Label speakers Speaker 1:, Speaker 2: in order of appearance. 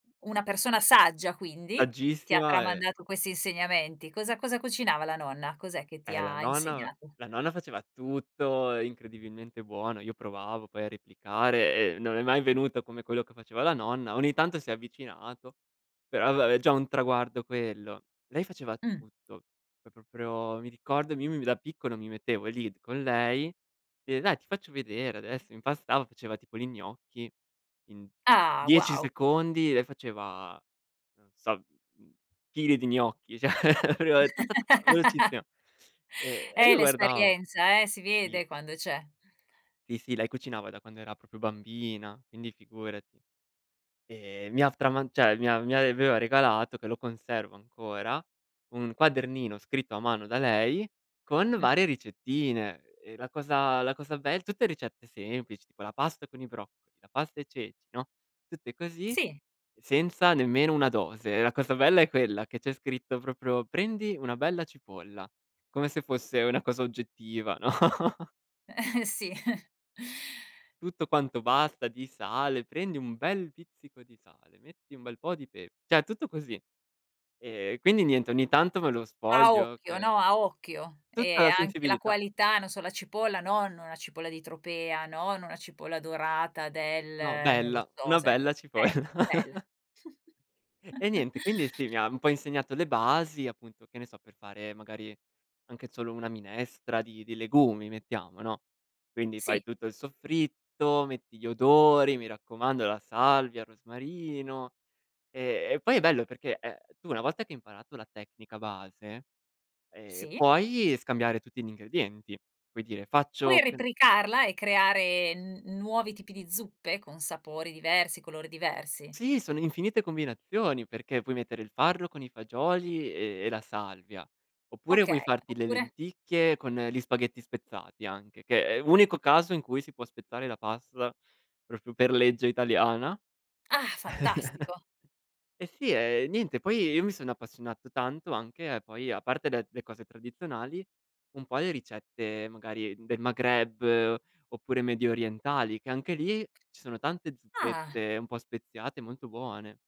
Speaker 1: Una persona saggia quindi, che ti ha
Speaker 2: Saggissima e
Speaker 1: tramandato questi insegnamenti. Cosa cosa cucinava la nonna? Cos'è che ti
Speaker 2: Eh la
Speaker 1: ha
Speaker 2: nonna
Speaker 1: insegnato?
Speaker 2: la nonna faceva tutto incredibilmente buono. Io provavo, poi, a replicare e non è mai venuto come quello che faceva la nonna. Ogni tanto, si è avvicinato, però, vabbè, è già un traguardo quello. Lei faceva
Speaker 1: Mh.
Speaker 2: tutto, pro proprio, mi ricordo m io mi mi da piccolo, mi mettevo lì con lei e: “Dai, ti faccio vedere adesso”. Impastava, faceva tipo li gnocchi. In
Speaker 1: Ah,
Speaker 2: 10
Speaker 1: wow.
Speaker 2: secondi, lei faceva, non so, mhmm, chili di gnocchi, cioè, [unintelligible] ta, ta, ta, velocissima. E e
Speaker 1: Eh,
Speaker 2: io guardavo.
Speaker 1: l'esperienza, eh, si
Speaker 2: Sì.
Speaker 1: vede quando c'è.
Speaker 2: Sì, sì, lei cucinava da quando era proprio bambina, quindi, figurati. Ehm, mi ha f trama cioè, mi a mi aveva regalato, che lo conservo ancora, un quadernino scritto a mano da lei con
Speaker 1: Mh-mh.
Speaker 2: varie ricettine. E la cosa la cosa be tutte ricette semplici, tipo la pasta con i broccoli, la pasta e ceci, no, tutte così,
Speaker 1: Sì.
Speaker 2: senza nemmeno una dose. La cosa bella è quella che c'è scritto proprio: “Prendi una bella cipolla”, come se fosse una cosa oggettiva, no?
Speaker 1: Sì.
Speaker 2: Tutto quanto basta di sale: "Prendi un bel pizzico di sale, metti un bel po' di pepe", cioè tutto così. Ehm, quindi niente, ogni tanto me lo
Speaker 1: A
Speaker 2: sfoglio
Speaker 1: occhio,
Speaker 2: per
Speaker 1: no, a occhio.
Speaker 2: Tutta
Speaker 1: E
Speaker 2: la
Speaker 1: anche la
Speaker 2: sensibilità.
Speaker 1: qualità, non so, la cipolla non una cipolla di tropea, non, una cipolla dorata
Speaker 2: No,
Speaker 1: del non lo
Speaker 2: bella,
Speaker 1: so,
Speaker 2: una
Speaker 1: sai com
Speaker 2: bella cipolla.
Speaker 1: bella, bella.
Speaker 2: E niente, quindi, sì, mi ha un po' insegnato le basi, appunto, che ne so, per fare, magari, anche solo una minestra di di legumi, mettiamo, no, quindi,
Speaker 1: Sì.
Speaker 2: fai tutto il soffritto, metti gli odori, mi raccomando, la salvia, il rosmarino. E e, poi, è bello perché è tu, una volta che hai imparato la tecnica base, ehm,
Speaker 1: Sì.
Speaker 2: puoi scambiare tutti gli ingredienti, puoi dire:
Speaker 1: Puoi
Speaker 2: “Faccio che n”
Speaker 1: replicarla e creare n n nuovi tipi di zuppe con sapori diversi, colori diversi.
Speaker 2: Sì, sono infinite combinazioni perché puoi mettere il farro con i fagioli e e la salvia, oppure vuoi
Speaker 1: Okay,
Speaker 2: farti le
Speaker 1: oppure?
Speaker 2: lenticchie con gli spaghetti spezzati, anche, che è l'unico
Speaker 1: [unintelligible]
Speaker 2: caso in cui si può spezzare la pasta proprio per legge italiana.
Speaker 1: Ah, fantastico.
Speaker 2: E sì, ehm, niente, poi, io mi sono appassionato tanto anche a poi, a parte de le cose tradizionali, un po' le ricette, magari, del Maghreb, oppure mediorientali, che, anche lì, ci sono tante
Speaker 1: Ah.
Speaker 2: zuppette un po' speziate, molto buone.